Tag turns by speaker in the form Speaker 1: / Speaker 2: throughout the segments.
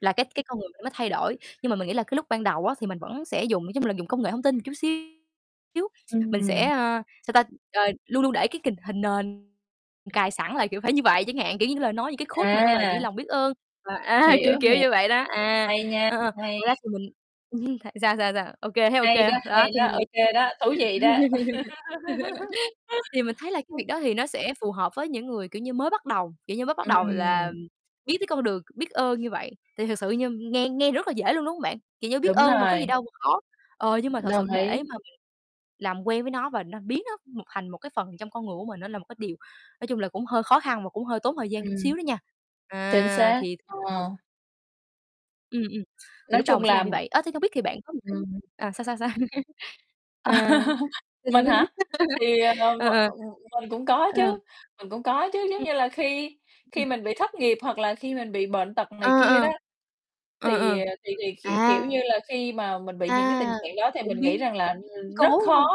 Speaker 1: Là cái cái con người mình nó thay đổi, nhưng mà mình nghĩ là cái lúc ban đầu á, thì mình vẫn sẽ dùng, nói chung là, dùng công nghệ thông tin một chút xíu. Mình
Speaker 2: Ừm
Speaker 1: sẽ,
Speaker 2: [unintelligible]
Speaker 1: ơ, sao ta, ờ, luôn luôn để cái kình hình nền cài sẵn là, kiểu, phải như vậy chẳng hạn. Kiểu, những cái lời nói, những cái quote mà nó về, kiểu
Speaker 2: À.
Speaker 1: như, lòng biết ơn, và, a, kiểu,
Speaker 2: Hiểu,
Speaker 1: kiểu
Speaker 2: hiểu,
Speaker 1: như vậy đó. À,
Speaker 2: hay nha,
Speaker 1: ờ,
Speaker 2: hay.
Speaker 1: ngoài ra thì mình ừm, tại sao, sao, sao, OK, thấy
Speaker 2: Hay
Speaker 1: OK.
Speaker 2: đó, hay
Speaker 1: Đó, thì
Speaker 2: đó,
Speaker 1: mình nghĩ
Speaker 2: ô kê đó, thú vị đó.
Speaker 1: thì mình thấy là cái việc đó thì nó sẽ phù hợp với những người, kiểu như, mới bắt đầu, kiểu như, mới bắt đầu là
Speaker 2: Ừm.
Speaker 1: biết cái con đường, biết ơn như vậy. Thì thật sự như nghe nghe rất là dễ luôn, đúng hông bạn? Kiểu như biết
Speaker 2: Đúng
Speaker 1: ơn mà có
Speaker 2: rồi.
Speaker 1: gì đâu mà khó. Ờ, nhưng mà thật
Speaker 2: Đồng
Speaker 1: sự để
Speaker 2: ý.
Speaker 1: mà mình làm quen với nó và nó biến nó một thành một cái phần trong con người của mình, nó là một cái điều, nói chung là, cũng hơi khó khăn và cũng hơi tốn thời gian
Speaker 2: Ừm.
Speaker 1: chút
Speaker 2: Ừm.
Speaker 1: xíu đó nha.
Speaker 2: Chính
Speaker 1: À,
Speaker 2: xác.
Speaker 1: thì [unintelligible]
Speaker 2: Ờ.
Speaker 1: Ừm, ừm, thì
Speaker 2: Nói
Speaker 1: lúc đầu
Speaker 2: chung
Speaker 1: mình sẽ làm
Speaker 2: là
Speaker 1: như vậy. Ờ, thì không biết thì bạn có một cái
Speaker 2: Ừm.
Speaker 1: à, sao, sao, sao? À.
Speaker 2: Mình hả? Thì, ờ, m
Speaker 1: Ờ, ờ.
Speaker 2: ừm, mình cũng có
Speaker 1: Ờ.
Speaker 2: chứ, mình cũng có chứ, giống
Speaker 1: Ừm.
Speaker 2: như là khi
Speaker 1: Ưm,
Speaker 2: khi
Speaker 1: ừm.
Speaker 2: mình bị thất nghiệp hoặc là khi mình bị bệnh tật
Speaker 1: Ờ,
Speaker 2: này kia
Speaker 1: ờ.
Speaker 2: đó.
Speaker 1: Ờ,
Speaker 2: Thì,
Speaker 1: ờ.
Speaker 2: ờ, thì thì
Speaker 1: À!
Speaker 2: k kiểu như là khi mà mình bị những cái
Speaker 1: À,
Speaker 2: tình trạng đó thì
Speaker 1: cũng
Speaker 2: mình nghĩ rằng
Speaker 1: biến
Speaker 2: là, ừm,
Speaker 1: cố,
Speaker 2: rất
Speaker 1: đúng
Speaker 2: khó,
Speaker 1: hông?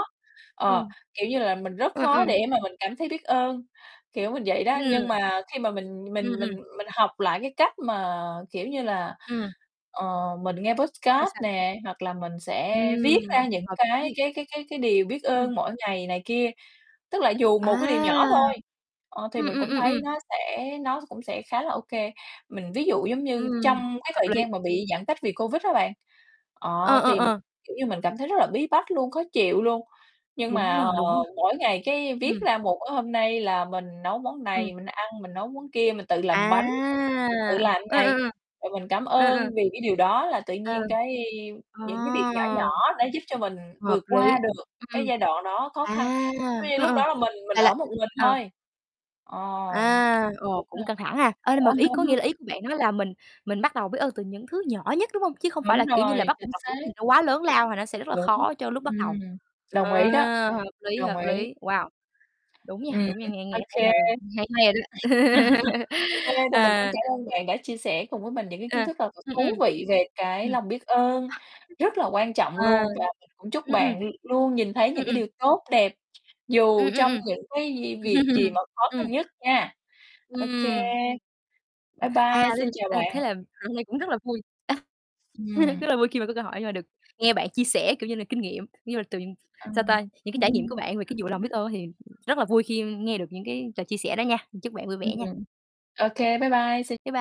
Speaker 1: Ờ.
Speaker 2: ờ, kiểu như là, mình rất
Speaker 1: Ờ, ờ.
Speaker 2: khó để mà mình cảm thấy biết ơn, kiểu mình vậy đó.
Speaker 1: Ừm.
Speaker 2: Nhưng mà khi mà mình
Speaker 1: Ừm,
Speaker 2: mình
Speaker 1: ừm.
Speaker 2: mình mình học lại cái cách mà, kiểu như là,
Speaker 1: Ừm.
Speaker 2: ờ, mình nghe
Speaker 1: Sao,
Speaker 2: podcast
Speaker 1: sao?
Speaker 2: nè, hoặc là mình sẽ viết ra
Speaker 1: Ừm,
Speaker 2: những
Speaker 1: hợp lý,
Speaker 2: cái
Speaker 1: hợp lý.
Speaker 2: cái cái cái cái điều biết
Speaker 1: Ừm.
Speaker 2: ơn mỗi ngày này kia, tức là dù
Speaker 1: À.
Speaker 2: một cái điều nhỏ thôi, ờ, thì
Speaker 1: Ừm,
Speaker 2: mình
Speaker 1: ừm,
Speaker 2: cũng
Speaker 1: ừm, ừm.
Speaker 2: thấy nó sẽ nó cũng sẽ khá là OK. Mình ví dụ giống như
Speaker 1: Ừm,
Speaker 2: trong cái
Speaker 1: hợp
Speaker 2: thời
Speaker 1: lý.
Speaker 2: gian mà bị giãn cách vì Covid á bạn,
Speaker 1: Ờ,
Speaker 2: ờ,
Speaker 1: ờ,
Speaker 2: thì,
Speaker 1: ờ.
Speaker 2: kiểu như, mình cảm thấy rất là bí bách luôn, khó chịu luôn. Nhưng
Speaker 1: Đúng
Speaker 2: mà,
Speaker 1: rồi,
Speaker 2: ờ,
Speaker 1: đúng rồi.
Speaker 2: mỗi ngày cái viết
Speaker 1: Ừm.
Speaker 2: ra một, ơ, hôm nay là mình nấu món
Speaker 1: Ừm.
Speaker 2: này mình ăn, mình nấu món kia, mình tự làm
Speaker 1: À,
Speaker 2: bánh, rồi tự làm
Speaker 1: ờ, ờ,
Speaker 2: này,
Speaker 1: ờ.
Speaker 2: rồi mình cảm
Speaker 1: Ờ,
Speaker 2: ơn
Speaker 1: ờ.
Speaker 2: vì cái điều đó, là tự
Speaker 1: Ờ.
Speaker 2: nhiên cái
Speaker 1: Ờ.
Speaker 2: những cái việc nhỏ nhỏ đã giúp cho mình
Speaker 1: Hợp
Speaker 2: vượt
Speaker 1: lý.
Speaker 2: qua được
Speaker 1: Ừm,
Speaker 2: cái
Speaker 1: ừm,
Speaker 2: giai đoạn đó khó
Speaker 1: à,
Speaker 2: khăn, [unintelligible]
Speaker 1: ờ,
Speaker 2: lúc
Speaker 1: ờ,
Speaker 2: đó là mình mình
Speaker 1: là là
Speaker 2: ở một mình
Speaker 1: ờ.
Speaker 2: thôi. Ờ,
Speaker 1: À, ồ,
Speaker 2: đúng rồi.
Speaker 1: cũng căng thẳng ha. Ờ, nhưng mà ý có nghĩa là ý của bạn nói là mình mình bắt đầu biết ơn từ những thứ nhỏ nhất, đúng hông? Chứ không phải
Speaker 2: Đúng
Speaker 1: là, kiểu như
Speaker 2: rồi,
Speaker 1: là, bắt buộc
Speaker 2: chính
Speaker 1: là phải cái gì
Speaker 2: xác.
Speaker 1: nó quá lớn lao là nó sẽ rất là
Speaker 2: Đúng,
Speaker 1: khó cho lúc bắt
Speaker 2: ừm,
Speaker 1: đầu. Ờ,
Speaker 2: đồng ý đó,
Speaker 1: hợp lý,
Speaker 2: đồng
Speaker 1: hợp
Speaker 2: ý.
Speaker 1: lý. Wow, đúng nha,
Speaker 2: Ừm,
Speaker 1: đúng nha. Nghe nghe
Speaker 2: OK.
Speaker 1: thấy là hay hay rồi đó.
Speaker 2: OK, thì mình cũng
Speaker 1: Ờ.
Speaker 2: cảm ơn bạn đã chia sẻ cùng với mình những cái kiến
Speaker 1: À,
Speaker 2: thức thật là
Speaker 1: ừm, ừm.
Speaker 2: thú vị về cái
Speaker 1: Ừm.
Speaker 2: lòng biết ơn, rất là quan trọng
Speaker 1: À.
Speaker 2: luôn. Và mình cũng chúc
Speaker 1: Ừm, ừm.
Speaker 2: bạn l luôn nhìn thấy
Speaker 1: Ừm,
Speaker 2: những cái
Speaker 1: ừm.
Speaker 2: điều tốt đẹp,
Speaker 1: Ừm,
Speaker 2: dù
Speaker 1: ừm,
Speaker 2: trong
Speaker 1: ừm.
Speaker 2: những cái gì việc gì mà khó
Speaker 1: Ừm.
Speaker 2: khăn nhất nha. OK.
Speaker 1: Ừm.
Speaker 2: Bye
Speaker 1: À,
Speaker 2: bye,
Speaker 1: thế
Speaker 2: xin
Speaker 1: l
Speaker 2: chào
Speaker 1: a,
Speaker 2: bạn.
Speaker 1: thế là à, hôm nay cũng rất là vui.
Speaker 2: Ừm.
Speaker 1: Rất là vui khi mà có cơ hội, nhưng mà được nghe bạn chia sẻ, kiểu như là, kinh nghiệm, như là từ, sao
Speaker 2: Ừm.
Speaker 1: ta, những cái trải nghiệm của bạn về cái vụ lòng biết ơn á thì rất là vui khi nghe được những cái ch chia sẻ đó nha. Chúc bạn vui vẻ nha.
Speaker 2: Ừm. OK, bye bye, xin
Speaker 1: Bái bai.